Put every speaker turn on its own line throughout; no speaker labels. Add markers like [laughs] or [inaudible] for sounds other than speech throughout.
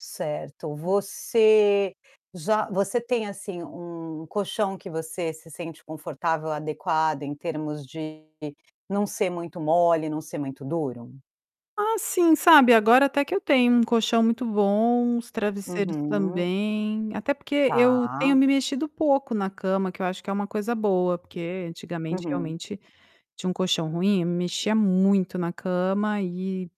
Certo, você já você tem assim um colchão que você se sente confortável, adequado em termos de não ser muito mole, não ser muito duro?
Ah, sim, sabe, agora até que eu tenho um colchão muito bom, os travesseiros
Uhum.
também, até porque eu
Tá.
tenho me mexido pouco na cama, que eu acho que é uma coisa boa, porque antigamente
Uhum.
realmente tinha um colchão ruim, eu me mexia muito na cama e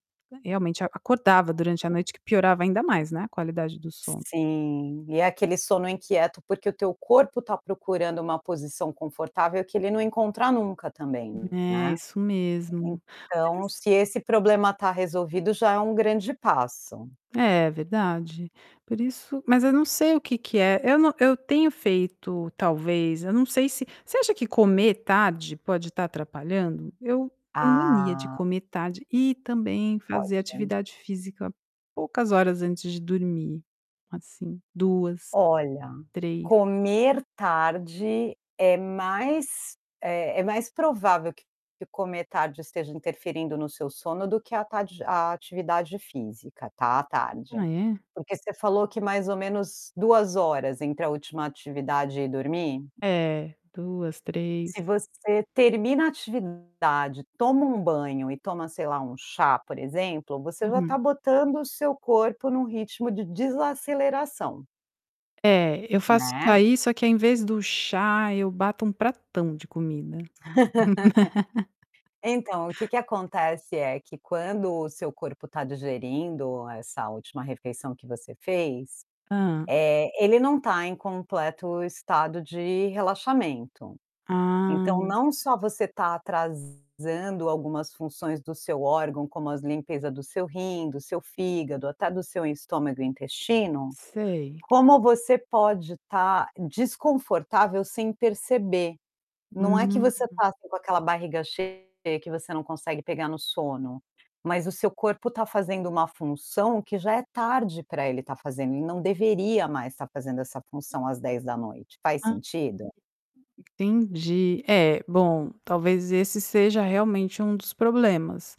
realmente acordava durante à noite que piorava ainda mais, né, a qualidade do sono.
Sim, e é aquele sono inquieto, porque o teu corpo está procurando uma posição confortável que ele não encontra nunca também,
É
né.
isso mesmo,
Então
mas
se esse problema tá resolvido, já é um grande passo.
É verdade, por isso mas eu não sei o que que é. Eu não eu tenho feito talvez, eu não sei se você acha que comer tarde pode estar atrapalhando? Eu tenho mania de
Ah.
comer tarde e também fazer
Pode.
atividade física poucas horas antes de dormir, assim, 2,
Olha,
3.
comer tarde é mais, eh, é mais provável que comer tarde esteja interferindo no seu sono, do que a atade a atividade física, tá, à tarde.
Ah é?
Porque você falou que mais ou menos 2 horas entre a última atividade e dormir?
É, 2, 3.
Se você termina a atividade, toma um banho e toma, sei lá, um chá, por exemplo, você já está
Uhum.
botando o seu corpo em um ritmo de desaceleração
É, eu faço isso
né.
aí, só que, ao invés do chá, eu bato um pratão de comida.
[laughs]
[laughs]
Então, o que que acontece, é que quando o seu corpo está digerindo essa última refeição que você fez,
Hã.
eh, ele não está em completo estado de relaxamento.
Ah.
Então não só você tá atrasando algumas funções do seu órgão, como as limpeza do seu rim, do seu fígado, até do seu estômago e intestino,
Sei.
como você pode estar desconfortável sem perceber. Não é que
Hum.
você tá assim com aquela barriga cheia que você não consegue pegar no sono, mas o seu corpo está fazendo uma função que já é tarde para ele estar fazendo e não deveria mais estar fazendo essa função às 22h, faz sentido?
Entendi, é, bom, talvez esse seja realmente um dos problemas.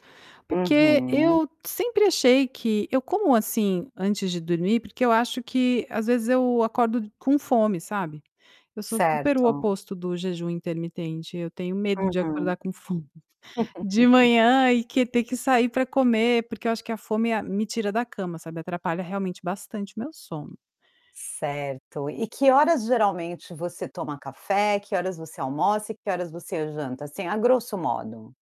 Porque
Uhum.
eu sempre achei que eu como assim antes de dormir porque eu acho que às vezes eu acordo com fome, sabe. Eu sou super o
Certo.
oposto do jejum intermitente, eu tenho medo de
Uhum.
acordar com fome. De
[laughs]
manhã e que ter que sair para comer, porque eu acho que a fome é a me tira da cama, sabe, atrapalha realmente bastante meu sono.
Certo, e que horas geralmente você toma café, que horas você almoça e que horas você janta assim, a grosso modo?